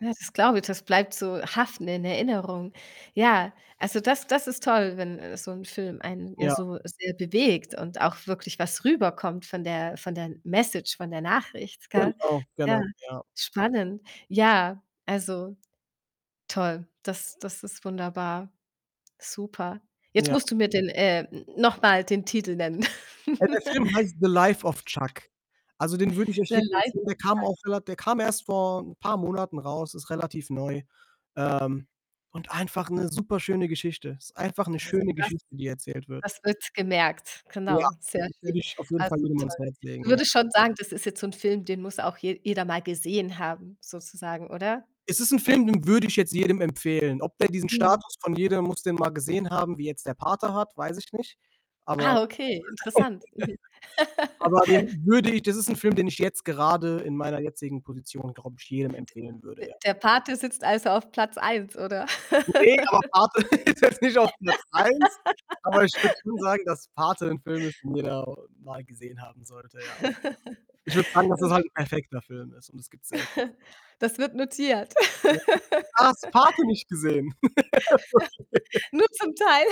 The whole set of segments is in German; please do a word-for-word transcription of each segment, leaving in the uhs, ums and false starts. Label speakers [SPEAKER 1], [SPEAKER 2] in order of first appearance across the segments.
[SPEAKER 1] Ja, das glaube ich, das bleibt so haften in der Erinnerung. Ja, also, das das ist toll, wenn, äh, so 'n Film einen ja
[SPEAKER 2] Ja.
[SPEAKER 1] so sehr bewegt und auch wirklich was rüberkommt von der von der Message, von der Nachricht, gell?
[SPEAKER 2] Genau,
[SPEAKER 1] Ja,
[SPEAKER 2] genau, ja.
[SPEAKER 1] spannend. Ja, also, toll, das das ist wunderbar, super. Jetzt
[SPEAKER 2] Ja.
[SPEAKER 1] musst du mir den äh, n noch mal den Titel nennen.
[SPEAKER 2] Ja, der Film heißt „The life of Chuck“. Also, den würde ich echt
[SPEAKER 1] Ne
[SPEAKER 2] jedem empfehlen. Der kam
[SPEAKER 1] [unintelligible]
[SPEAKER 2] auch rela der kam erst vor 'n paar Monaten raus, ist relativ neu, ähm, und einfach 'ne superschöne Geschichte. Ist einfach 'ne
[SPEAKER 1] Ja, also,
[SPEAKER 2] schöne
[SPEAKER 1] das
[SPEAKER 2] Geschichte, die erzählt wird.
[SPEAKER 1] das wird gemerkt,
[SPEAKER 2] Ja,
[SPEAKER 1] genau, sehr
[SPEAKER 2] den würde
[SPEAKER 1] schön.
[SPEAKER 2] ich auf jeden Fall
[SPEAKER 1] Also,
[SPEAKER 2] jedem ans
[SPEAKER 1] toll.
[SPEAKER 2] Herz
[SPEAKER 1] Du
[SPEAKER 2] legen, ja.
[SPEAKER 1] würdest schon sagen, das ist jetzt so 'n Film, den muss auch je jeder mal gesehen haben sozusagen, oder?
[SPEAKER 2] Es ist ein Film, den würde ich jetzt jedem empfehlen. Ob der diesen
[SPEAKER 1] Mhm.
[SPEAKER 2] Status von „Jeder muss den mal gesehen haben.“, wie jetzt „Der Pate“ hat, weiß ich nicht. Aber
[SPEAKER 1] Ah, okay, interessant, mhm.
[SPEAKER 2] aber den würde ich das ist 'n Film, den ich jetzt gerade in meiner jetzigen Position, glaube ich, jedem
[SPEAKER 1] D
[SPEAKER 2] empfehlen würde,
[SPEAKER 1] D
[SPEAKER 2] ja.
[SPEAKER 1] „Der Pate“ sitzt also auf Platz eins, oder?
[SPEAKER 2] Ne, aber „Pate“ ist jetzt nicht auf Platz eins, aber ich würde schon sagen, dass „Pate“ 'n Film ist, den jeder mal gesehen haben sollte, ja. Ich würde sagen, dass
[SPEAKER 1] Das
[SPEAKER 2] es
[SPEAKER 1] ist
[SPEAKER 2] halt 'n
[SPEAKER 1] spannend.
[SPEAKER 2] perfekter Film ist und das gibt's selten.
[SPEAKER 1] Das wird notiert.
[SPEAKER 2] Ja, ah, hast du „Pate“ nicht gesehen? Okay.
[SPEAKER 1] Nur zum Teil.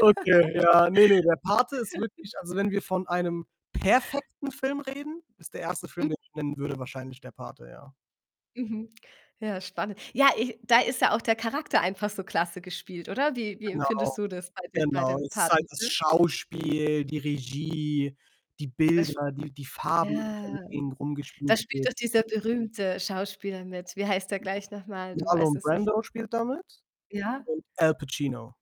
[SPEAKER 2] Okay, ja ne, ne, der Pate ist wirklich also, wenn wir von einem perfekten Film reden, ist der erste Film,
[SPEAKER 1] Mhm.
[SPEAKER 2] den ich nennen würde wahrscheinlich „Der Pate“, ja.
[SPEAKER 1] Mhm. Ja, spannend. Ja, äh, da ist ja auch der Charakter einfach so klasse gespielt, oder? Wie wie
[SPEAKER 2] Genau,
[SPEAKER 1] empfindest du das bei dem bei
[SPEAKER 2] genau.
[SPEAKER 1] dem
[SPEAKER 2] Es ist halt
[SPEAKER 1] „Paten“?
[SPEAKER 2] das
[SPEAKER 1] [unintelligible]
[SPEAKER 2] Schauspiel, die Regie, die
[SPEAKER 1] Es
[SPEAKER 2] Bilder, die die Farben,
[SPEAKER 1] ja,
[SPEAKER 2] mit denen
[SPEAKER 1] da
[SPEAKER 2] rumgespielt
[SPEAKER 1] spielt doch
[SPEAKER 2] wird.
[SPEAKER 1] dieser berühmte Schauspieler mit. Wie heißt der gleich noch mal? Du weißt
[SPEAKER 2] Marlon
[SPEAKER 1] es sich
[SPEAKER 2] Brando spielt da mit
[SPEAKER 1] Ja?
[SPEAKER 2] und Al Pacino.